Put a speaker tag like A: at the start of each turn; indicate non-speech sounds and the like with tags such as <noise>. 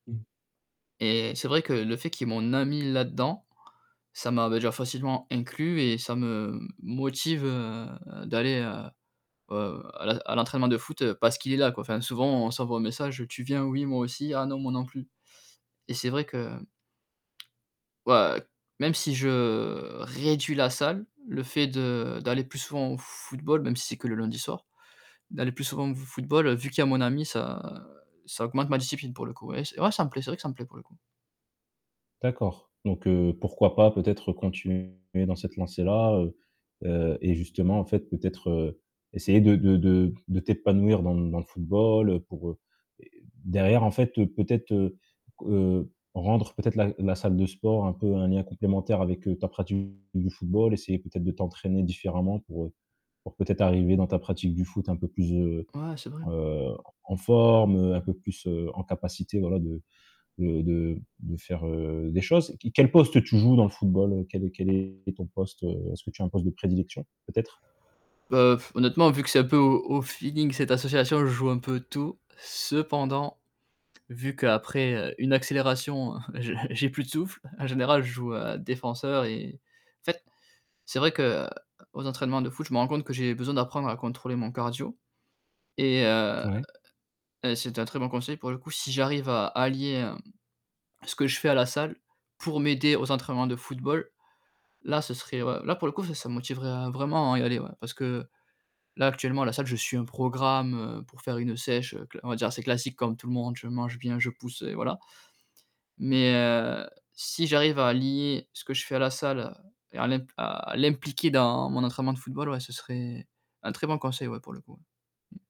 A: Mmh.
B: Et c'est vrai que le fait qu'il y est mon ami là-dedans, ça m'a déjà facilement inclus et ça me motive, heu, d'aller à, heu, à à l'entraînement de foot parce qu'il est là, quoi, enfin, souvent on s'envoie un message: «Tu viens? Oui? Moi aussi. Ah non, moi non plus». Et c'est vrai que ouais, même si je réduis la salle, le fait de d'aller plus souvent au football, même si c'est que le lundi soir, d'aller plus souvent au football vu qu'il y a mon ami, ça ça augmente ma discipline pour le coup, ouais, ouais, ça me plaît, c'est vrai que ça me plaît, pour le coup.
A: D'accord, donc heu, pourquoi pas, peut-être, continuer dans cette lancée-là, heu heu et justement, en fait, peut-être, heu, essayer de de de de t'épanouir dans dans le football, heu, pour, heu, derrière, en fait, peut-être, heu heu, rendre, peut-être, la la salle de sport un peu un lien complémentaire avec, heu, ta pratique du football, essayer peut-être de t'entraîner différemment pour, heu, pour peut-être arriver dans ta pratique du foot un peu plus, heu
B: Ouais, c'est vrai.
A: heu, en forme, heu, un peu plus, heu, en capacité, voilà, de de de de faire, heu, des choses. Q quel poste tu joues, dans le football, heu, quel est quel est ton poste, heu, est-ce que tu as un poste de prédilection, peut-être?
B: Heu, pff honnêtement, vu que c'est un peu au au feeling cette association, je joue un peu tout, cependant, vu qu'après, heu, une accélération, heu, <chuckles> j'ai plus de souffle, en général, je joue à défenseur et en fait, c'est vrai que, heu, aux entraînements de foot, je me rends compte que j'ai besoin d'apprendre à contrôler mon cardio et heu
A: Ouais.
B: et c'est un très bon conseil pour le coup, si j'arrive à allier, hem, ce que je fais à la salle pour m'aider aux entraînements de football, là, ce serait, heu, là, pour le coup, ça me motiverait vraiment à y aller, ouais, parce que, là, actuellement, à la salle, je suis un programme, heu, pour faire une sèche cla on va dire assez classique, comme tout le monde, je mange bien, je pousse et voilà, mais heu, si j'arrive à lier ce que je fais à la salle et à l' à l'impliquer dans mon entraînement de football, ouais, ce serait un très bon conseil, ouais, pour le coup. Mmh.